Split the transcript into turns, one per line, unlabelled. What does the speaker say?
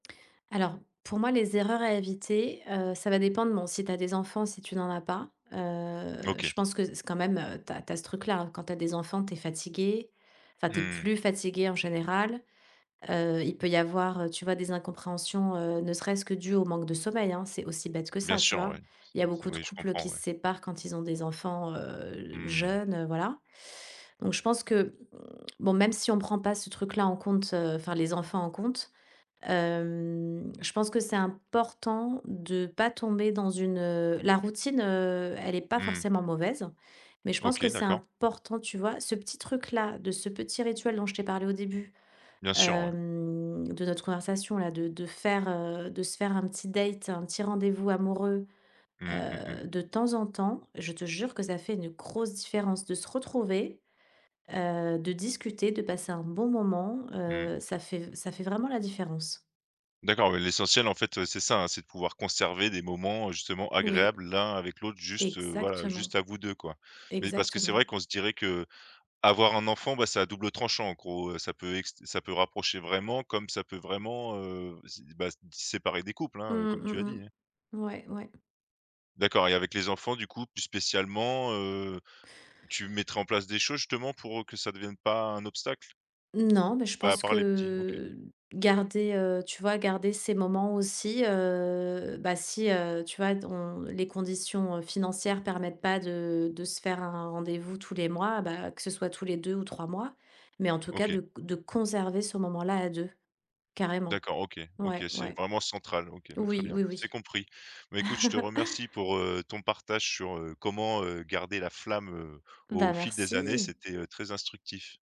Alors, pour moi, les erreurs à éviter, heu, ça va dépendre, bon, si tu as des enfants, si tu n'en as pas, heu, je
OK.
pense que s quand même, heu, tu as tu as ce truc-là, hein, quand tu as des enfants, tu es fatiguée, enfin, tu es
Mmh mh.
plus fatiguée en général, heu, il peut y avoir, heu, tu vois? Des incompréhensions, heu, ne serait-ce que dues au manque de sommeil, hein? C'est aussi bête que
Bien
ça, tu
sûr,
vois?
oui. S
Il y a
s
beaucoup de
oui, je
couples
comprends,
qui
oui.
se séparent quand ils ont des enfants, heu,
Mmh.
jeunes, heu, voilà. Donc, je pense que, mmh, bon, même si on prend pas ce truc-là en compte, heu, enfin les enfants en compte, hem, je pense que c'est important de pas tomber dans une heu, la routine, heu, elle est pas
Mmh mh.
forcément mauvaise. Mais, je pense
OK,
que c'est
d'accord.
important, tu vois? Ce petit truc-là, de ce petit rituel dont je t'ai parlé au début,
Bien sûr, ouais.
hem, de notre conversation, là, de de faire, heu, de se faire un petit date, un petit rendez-vous amoureux,
Mmh, mmh mh.
heu, de temps en temps, je te jure que ça fait une grosse différence de se retrouver, heu, de discuter, de passer un bon moment,
Mmh.
heu, ça fait v ça fait vraiment la différence.
D'accord, mais l'essentiel en fait, heu, c'est ça, hein, c'est de pouvoir conserver des moments, heu, justement,
Oui.
agréables l'un avec l'autre, juste, heu, voilà,
Exactement.
juste à vous 2, quoi. Mais, parce que c'est
Exactement.
vrai, qu'on se dirait que, avoir un enfant, bah c'est à double tranchant en gros, heu, ça peut ext ça peut rapprocher vraiment, comme ça peut vraiment heu sé dé bah, séparer des couples,
Mmh,
hein, heu comme tu as dit,
mmh
hein.
mh. Ouais, ouais.
D'accord et avec les enfants, du coup, plus spécialement, heu, tu mettras en place des choses, justement, pour, heu, que ça devienne pas un obstacle?
Non, mais je
Bah, à
pense
part les petits OK.
que garder, heu, tu vois? Garder ces moments aussi, heu, bah, si heu, tu vois? Dont les conditions, heu, financières permettent pas de de se faire un rendez-vous tous les mois, bah, que ce soit tous les 2 ou 3 mois. Mais, en tout cas de
OK.
c de conserver ce moment-là à 2. Carrément.
D'accord. OK, OK,
Ouais,
c'est
ouais.
vraiment central. OK, bah, très
Oui,
bien.
oui,
C'est
oui.
compris. Bah écoute, je te remercie pour, heu, ton partage sur, heu, comment, heu, garder la flamme heu,
Bah
au fil des années.
merci.
C'était, heu, très instructif.